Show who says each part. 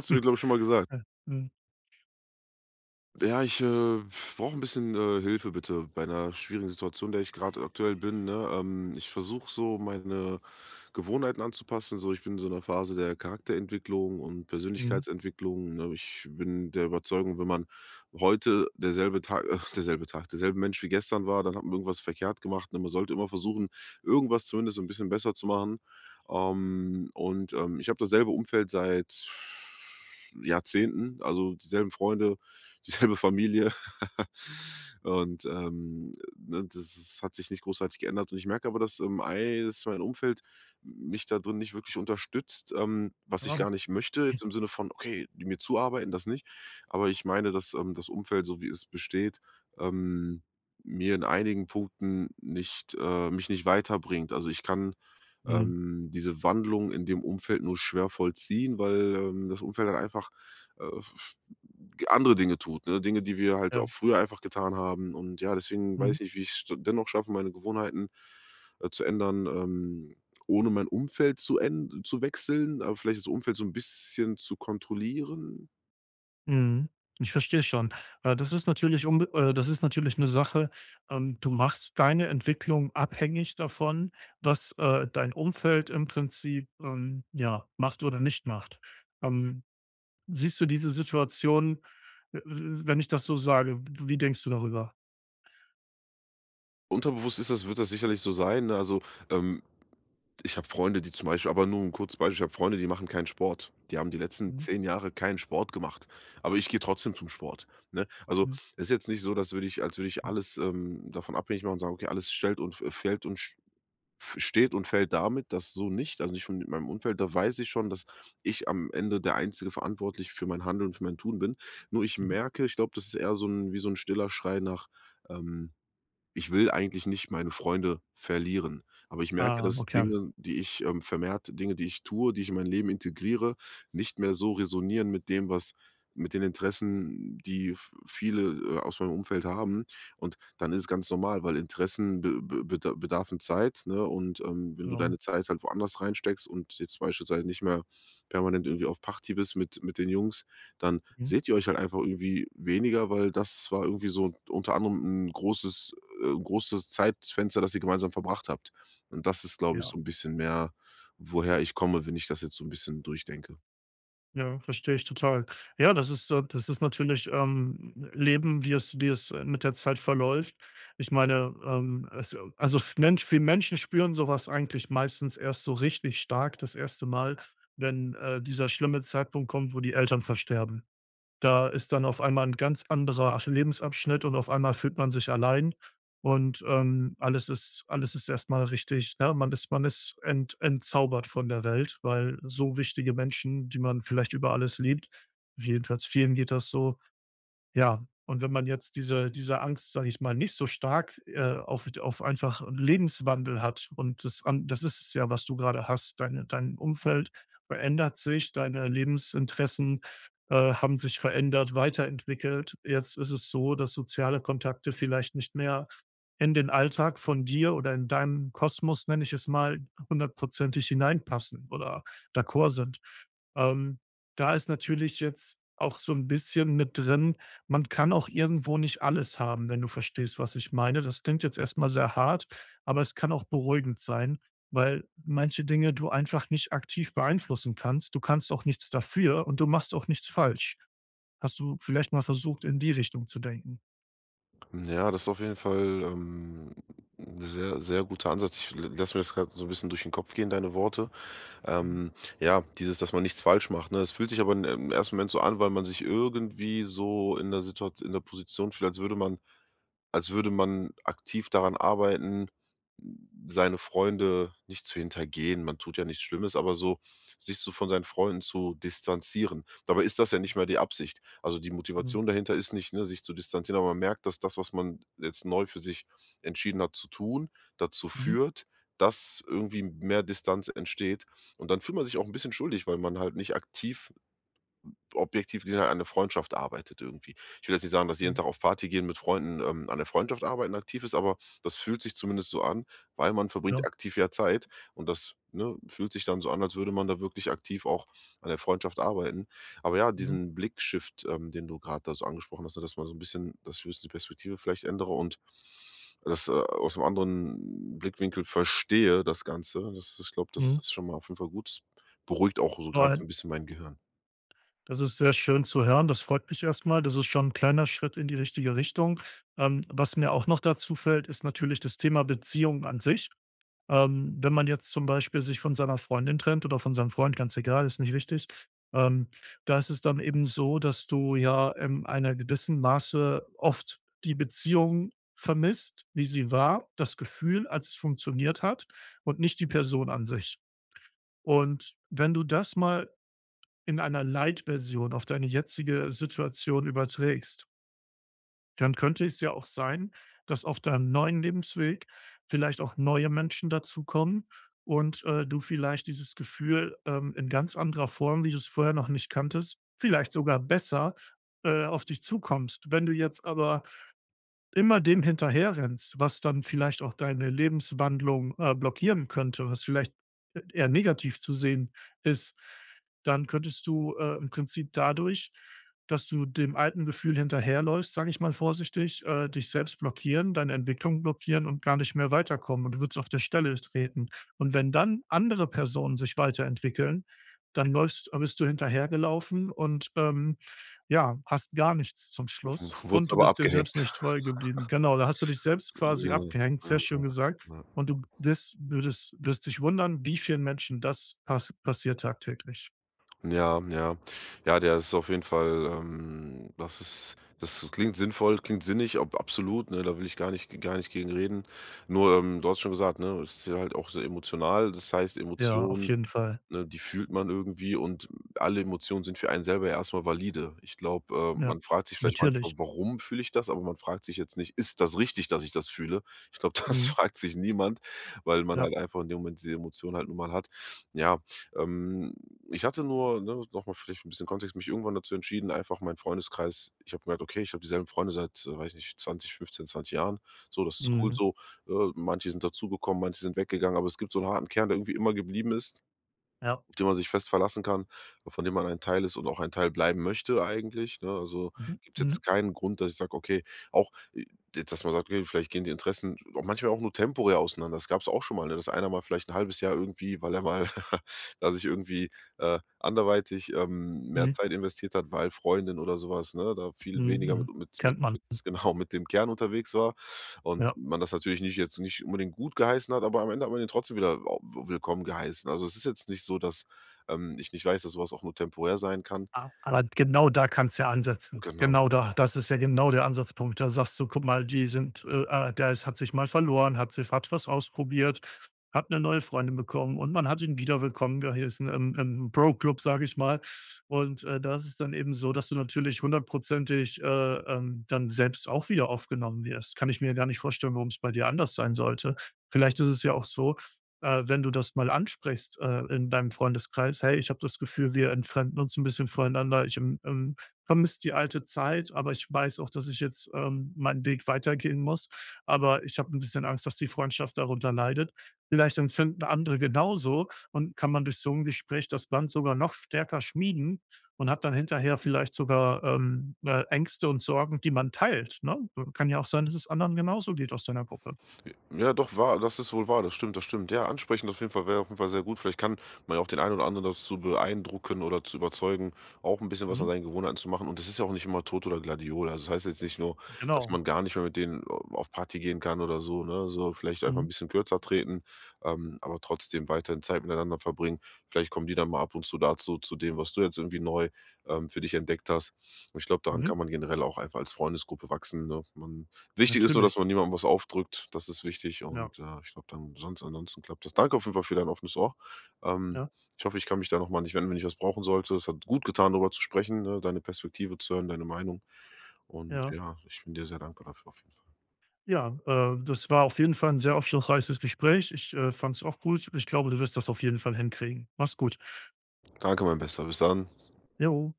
Speaker 1: Hast du mir, glaube ich, schon mal gesagt.
Speaker 2: äh, mhm.
Speaker 1: Ja, ich, äh, brauche 'n bisschen, äh, Hilfe bitte bei 'ner schwierigen Situation, in der ich grad aktuell bin, ne? Ähm, ich versuche so meine Gewohnheiten anzupassen so. Ich bin so in 'ner Phase der Charakterentwicklung und
Speaker 2: Mhm.
Speaker 1: Persönlichkeitsentwicklung, ne? Ich bin der Überzeugung, wenn man heute der selbe Tag ach, derselbe Tag der selbe Mensch wie gestern war, dann hat man irgendwas verkehrt gemacht, ne? Man sollte immer versuchen, irgendwas zumindest so 'n bisschen besser zu machen. Ähm, und, ähm, ich habe dasselbe Umfeld seit Jahrzehnten, also, die selben Freunde, die selbe Familie. Und, ähm, ne, das s hat sich nicht großartig geändert. Und ich merke aber, dass, ähm, ei dass mein Umfeld, m mich da drin nicht wirklich unterstützt. Ähm, was ich gar nicht
Speaker 2: [unintelligible]
Speaker 1: möchte jetzt im Sinne von, okay, die mir zuarbeiten, das nicht. Aber ich meine, dass, ähm, das Umfeld so wie es besteht, ähm, mir in einigen Punkten nicht, äh mich nicht weiterbringt. Also, ich kann,
Speaker 2: Mhm.
Speaker 1: ähm, diese Wandlung in dem Umfeld nur schwer vollziehen, weil, ähm, das Umfeld halt einfach, äh, f f hm, andere Dinge tut, ne? Dinge, die wir halt auch
Speaker 2: Ja.
Speaker 1: früher einfach getan haben. Und, ja, deswegen weiß
Speaker 2: Mhm.
Speaker 1: ich nicht, wie ich's dennoch schaffe, meine Gewohnheiten, äh, zu ändern, ähm, ohne mein Umfeld zu än zu wechseln, aber vielleicht das Umfeld so 'n bisschen zu kontrollieren.
Speaker 2: Mhm. Ich verstehe schon. Äh, das ist natürlich umbe äh, das ist natürlich 'ne Sache, ähm du machst deine Entwicklung abhängig davon, was, äh, dein Umfeld im Prinzip, ähm, ja, macht oder nicht macht. Ähm, siehst du diese Situation, w w wenn ich das so sage, w wie denkst du darüber?
Speaker 1: Unterbewusst ist das wird das sicherlich so sein, ne? Also, ähm, ich habe Freunde, die zum Beispiel aber nur 'n kurzes Beispiel: ich habe Freunde, die machen keinen Sport. Die haben die letzten
Speaker 2: Mhm.
Speaker 1: 10 Jahre keinen Sport gemacht, aber ich gehe trotzdem zum Sport, ne? Also,
Speaker 2: Hm.
Speaker 1: es ist jetzt nicht so, dass würde ich als würde ich
Speaker 2: Hm.
Speaker 1: alles, ähm, davon abhängig machen und sagen: „Okay, alles stellt und f fällt und sch f steht und fällt damit, dass” so nicht, also, nicht und mit meinem Umfeld, da weiß ich schon, dass ich am Ende der einzige Verantwortliche für mein Handeln und für mein Tun bin. Nur ich
Speaker 2: Mhm.
Speaker 1: merke ich glaube, das ist eher so 'n, wie so 'n stiller Schrei nach, ähm: „Ich will eigentlich nicht meine Freunde verlieren“, aber ich merke,
Speaker 2: Ah,
Speaker 1: dass
Speaker 2: okay.
Speaker 1: Dinge, die ich, ähm vermehrt Dinge, die ich tue, die ich in mein Leben integriere, nicht mehr so resonieren mit dem, was mit den Interessen, die v viele, äh, aus meinem Umfeld haben. Und dann ist es ganz normal, weil Interessen be be beda bedarfen Zeit, ne? Und, ähm, wenn du
Speaker 2: Ja.
Speaker 1: deine Zeit halt woanders reinsteckst und jetzt beispielsweise nicht mehr permanent irgendwie auf Party bist mit mit den Jungs, dann
Speaker 2: Mhm.
Speaker 1: seht ihr euch halt einfach irgendwie weniger, weil das war irgendwie so unter anderem 'n großes, äh großes Zeitfenster, das ihr gemeinsam verbracht habt. Und das ist, glaube ich,
Speaker 2: Ja.
Speaker 1: so 'n bisschen mehr, woher ich komme, wenn ich das jetzt so 'n bisschen durch denke.
Speaker 2: Ja, verstehe ich total. Ja, das ist, äh das ist natürlich, ähm, Leben, wie es wie es, äh, mit der Zeit verläuft. Ich meine, ähm, also also, f Mensch wir Menschen spüren so was eigentlich meistens erst so richtig stark das 1. Mal, wenn, äh, dieser schlimme Zeitpunkt kommt, wo die Eltern versterben. Da ist dann auf einmal 'n ganz anderer, ach, Lebensabschnitt und auf einmal fühlt man sich allein und, ähm, alles ist alles ist erst mal richtig ne, man ist man ist ent entzaubert von der Welt, weil so wichtige Menschen, die man vielleicht über alles liebt, jedenfalls vielen geht das so ja, und wenn man jetzt diese diese Angst, sage ich mal, nicht so stark, äh, auf d auf einfach 'n Lebenswandel hat und das an das ist es ja, was du grade hast, deine dein Umfeld verändert sich, deine Lebensinteressen, äh, haben sich verändert, weiterentwickelt. Jetzt ist es so, dass soziale Kontakte vielleicht nicht mehr in den Alltag von dir oder in deinen Kosmos, nenne ich es mal, hundertprozentig hinein passen oder d'accord sind. Ähm, da ist natürlich jetzt auch so 'n bisschen mit drin: man kann auch irgendwo nicht alles haben, wenn du verstehst, was ich meine. Das klingt jetzt erst mal sehr hart, aber es kann auch beruhigend sein, weil manche Dinge du einfach nicht aktiv beeinflussen kannst. Du kannst auch nichts dafür und du machst auch nichts falsch. Hast du vielleicht mal versucht, in die Richtung zu denken?
Speaker 1: Ja, das ist auf jeden Fall, ähm, 'n sehr sehr guter Ansatz. Ich l lasse mir das grad so 'n bisschen durch den Kopf gehen, deine Worte.
Speaker 2: Mhm.
Speaker 1: Ähm, ja, dieses, dass man nichts falsch macht, ne, es fühlt sich aber in im 1. Moment so an, weil man sich irgendwie so in der Situat in der Position fühlt, als würde man als würde man aktiv daran arbeiten, hm, seine Freunde nicht zu hintergehen, man tut ja nichts Schlimmes, aber so sich so von seinen Freunden zu distanzieren. Dabei ist das ja
Speaker 2: Hm.
Speaker 1: nicht mal die Absicht. Also, die
Speaker 2: Mhm.
Speaker 1: Motivation dahinter ist nicht, ne, sich zu distanzieren, aber man merkt, dass das, was man jetzt neu für sich entschieden hat zu tun, dazu
Speaker 2: Mhm.
Speaker 1: führt, dass irgendwie m mehr Distanz entsteht. Und dann fühlt man sich auch 'n bisschen schuldig, weil man halt nicht aktiv, m objektiv gesehen an der Freundschaft arbeitet irgendwie. Ich will jetzt nicht sagen, dass jeden
Speaker 2: Mhm.
Speaker 1: Tag auf Party gehen mit Freunden, ähm, an 'ner Freundschaft arbeiten aktiv ist, aber das fühlt sich zumindest so an, weil man verbringt
Speaker 2: Ja.
Speaker 1: aktiv ja Zeit und das, ne, fühlt sich dann so an, als würde man da wirklich aktiv auch an der Freundschaft arbeiten. Aber ja,
Speaker 2: Mhm.
Speaker 1: diesen Blick-Shift, ähm, den du grad da so angesprochen hast, ne, dass man so 'n bisschen dass [unintelligible] die Perspektive vielleicht ändere und das, äh, aus 'nem anderen Blickwinkel verstehe das Ganze. Das ich glaube, das
Speaker 2: Mhm.
Speaker 1: ist schon mal auf jeden Fall gut. Beruhigt auch so grad so
Speaker 2: Nein.
Speaker 1: 'n bisschen mein Gehirn.
Speaker 2: Das ist sehr schön zu hören, das freut mich erst mal. Das ist schon 'n kleiner Schritt in die richtige Richtung. Ähm, was mir auch noch dazu fällt, ist natürlich das Thema Beziehung an sich. Ähm, wenn man jetzt zum Beispiel sich von seiner Freundin trennt oder von seinem Freund, ganz egal, ist nicht wichtig, ähm, da ist es dann eben so, dass du ja im einer gewissen Maße oft die Beziehung vermisst, wie sie war, das Gefühl, als es funktioniert hat und nicht die Person an sich. Und wenn du das mal in einer Light-Version auf deine jetzige Situation überträgst dann könnte es ja auch sein, dass auf deinem neuen Lebensweg vielleicht auch neue Menschen dazu kommen und, äh, du vielleicht dieses Gefühl, ähm, in ganz anderer Form, wie du es vorher noch nicht kanntest vielleicht sogar besser, äh, auf dich zukommt. Wenn du jetzt aber immer dem hinterherrennst, was dann vielleicht auch deine Lebenswandlung, äh, blockieren könnte, was vielleicht e eher negativ zu sehen ist, dann könntest du, äh, im Prinzip dadurch, dass du dem alten Gefühl hinterherläufst, sage ich mal, vorsichtig, äh, dich selbst blockieren, deine Entwicklung blockieren und gar nicht mehr weiterkommen und du würdest auf der Stelle treten. Und wenn dann andere Personen sich weiterentwickeln, dann läufst äh, bist du hinterhergelaufen und, ähm, ja, hast gar nichts zum Schluss
Speaker 1: W wurdest
Speaker 2: und du
Speaker 1: aber
Speaker 2: bist dir selbst
Speaker 1: abgehängt.
Speaker 2: nicht treu geblieben. Genau, da hast du dich selbst quasi
Speaker 1: Ja,
Speaker 2: abgehängt,
Speaker 1: ja,
Speaker 2: sehr schön
Speaker 1: ja,
Speaker 2: gesagt
Speaker 1: ja.
Speaker 2: und du wirst würdest wirst dich wundern, wie vielen Menschen das pas passiert tagtäglich.
Speaker 1: Ja, ja. Ja, der ist auf jeden Fall, ähm, das ist, das klingt sinnvoll, klingt sinnig, ab absolut, ne? Da will ich gar nicht g gar nicht gegen reden. Nur, ähm, du hattest schon gesagt, ne, es ist sehr halt auch sehr emotional. Das heißt
Speaker 2: Ja, auf
Speaker 1: Emotionen,
Speaker 2: jeden Fall.
Speaker 1: ne, die fühlt man irgendwie und alle Emotionen sind für einen selber erst mal valide. Ich glaube, ähm,
Speaker 2: Ja,
Speaker 1: man fragt sich vielleicht manchmal:
Speaker 2: natürlich.
Speaker 1: „Warum fühle ich das?“ Aber man fragt sich jetzt nicht: „Ist das richtig, dass ich das fühle?“ Ich glaube, das
Speaker 2: Mhm.
Speaker 1: fragt sich niemand, weil man
Speaker 2: Ja.
Speaker 1: halt einfach in dem Moment die Emotion halt nun mal hat. Ja, ähm, ich hatte nur, ne, noch mal vielleicht 'n bisschen Kontext, mich irgendwann dazu entschieden, einfach mein Freundeskreis ich habe gemerkt: „Okay, ich habe dieselben Freunde seit, weiß ich nicht, 20 15, 20 Jahren. So, das ist cool
Speaker 2: Mhm.
Speaker 1: so.“ Äh, manche sind dazugekommen, manche sind weggegangen, aber es gibt so 'n harten Kern, der irgendwie immer geblieben ist,
Speaker 2: Ja.
Speaker 1: auf den man sich fest verlassen kann, äh, von dem man ein Teil ist und auch ein Teil bleiben möchte eigentlich, ne, also,
Speaker 2: Mhm,
Speaker 1: gibt's
Speaker 2: mhm.
Speaker 1: jetzt keinen Grund, dass ich sage: „Okay, auch, äh“ jetzt, dass man sagt: „Okay, vielleicht gehen die Interessen auch manchmal auch nur temporär auseinander.“ Das gab's auch schon mal, ne, dass einer mal vielleicht 'n 1/2 Jahr irgendwie weil er mal da sich irgendwie, äh anderweitig, ähm, mehr
Speaker 2: Mhm.
Speaker 1: Zeit investiert hat, weil Freundin oder so was, ne, da viel
Speaker 2: Mhm,
Speaker 1: weniger
Speaker 2: mhm.
Speaker 1: mit mit mit
Speaker 2: Kennt man.
Speaker 1: genau, mit dem Kern unterwegs war und
Speaker 2: Ja.
Speaker 1: man das natürlich nicht jetzt nicht unbedingt gutgeheißen hat, aber am Ende hat man ihn trotzdem wieder au w willkommen geheißen. Also, es ist jetzt nicht so, dass, ähm, ich nicht weiß, dass so was auch nur temporär sein kann.
Speaker 2: A aber genau da kannst ja ansetzen.
Speaker 1: Genau.
Speaker 2: Genau da. Das ist ja genau der Ansatzpunkt. Da sagst du: „Guck mal, die sind, äh äh, der hat sich mal verloren, hat sich hat was ausprobiert, hat 'ne neue Freundin bekommen und man hat ihn wieder willkommen geheißen im im Bro-Club“, sage ich mal. Und, äh, das ist dann eben so, dass du natürlich hundertprozentig, äh, ähm, dann selbst auch wieder aufgenommen wirst. Kann ich mir gar nicht vorstellen, warum's bei dir anders sein sollte. Vielleicht ist es ja auch so, äh, wenn du das mal ansprichst, äh, in deinem Freundeskreis: „Hey, ich habe das Gefühl, wir entfremden uns 'n bisschen voneinander. Ich, ähm, ähm, vermisse die alte Zeit, aber ich weiß auch, dass ich jetzt, ähm, meinen Weg weitergehen muss, aber ich habe 'n bisschen Angst, dass die Freundschaft darunter leidet.“ Vielleicht empfinden andere genauso und kann man durch so 'n Gespräch das Band sogar noch stärker schmieden und hat dann hinterher vielleicht sogar, ähm, äh, Ängste und Sorgen, die man teilt, ne? So kann ja auch sein, dass es anderen genauso geht aus deiner Gruppe.
Speaker 1: J ja doch wahr das ist wohl wahr. Das stimmt, das stimmt. Ja, ansprechen auf jeden Fall wäre auf jeden Fall sehr gut. Vielleicht kann man ja auch den einen oder anderen dazu beeindrucken oder zu überzeugen, auch 'n bisschen was an
Speaker 2: Mhm.
Speaker 1: seinen Gewohnheiten zu machen. Und das ist ja auch nicht immer Tod oder Gladiole. Also, es heißt jetzt nicht nur,
Speaker 2: Hm,
Speaker 1: dass
Speaker 2: genau.
Speaker 1: man gar nicht mehr mit denen a auf Party gehen kann oder so, ne? So vielleicht einfach 'n
Speaker 2: Mhm.
Speaker 1: bisschen kürzer treten, ähm, aber trotzdem weiterhin Zeit miteinander verbringen. Vielleicht kommen die dann mal ab und zu dazu, zu dem, was du jetzt irgendwie neu, ähm, für dich entdeckt hast. Und ich glaube, daran
Speaker 2: Mhm.
Speaker 1: kann man generell auch einfach als Freundesgruppe wachsen so man wichtig ist nur, dass
Speaker 2: Natürlich.
Speaker 1: man niemandem was aufdrückt. Das ist wichtig
Speaker 2: Ja.
Speaker 1: und, äh, ich glaube, dann sonst ansonsten klappt das. Danke auf jeden Fall für dein offenes Ohr. Ähm,
Speaker 2: Ja.
Speaker 1: ich hoffe, ich kann mich da noch mal an dich wenden, wenn ich was brauchen sollte. Es hat gut getan, darüber zu sprechen, ne, deine Perspektive zu hören, deine Meinung. Und,
Speaker 2: Ja.
Speaker 1: ja, ich bin dir sehr dankbar dafür auf jeden Fall.
Speaker 2: Ja, äh, das war auf jeden Fall 'n sehr aufschlussreiches Gespräch. Ich, äh, fand's auch gut. Ich glaube, du wirst das auf jeden Fall hinkriegen. Mach's gut.
Speaker 1: Danke mein Bester. Bis dann.
Speaker 2: Jo.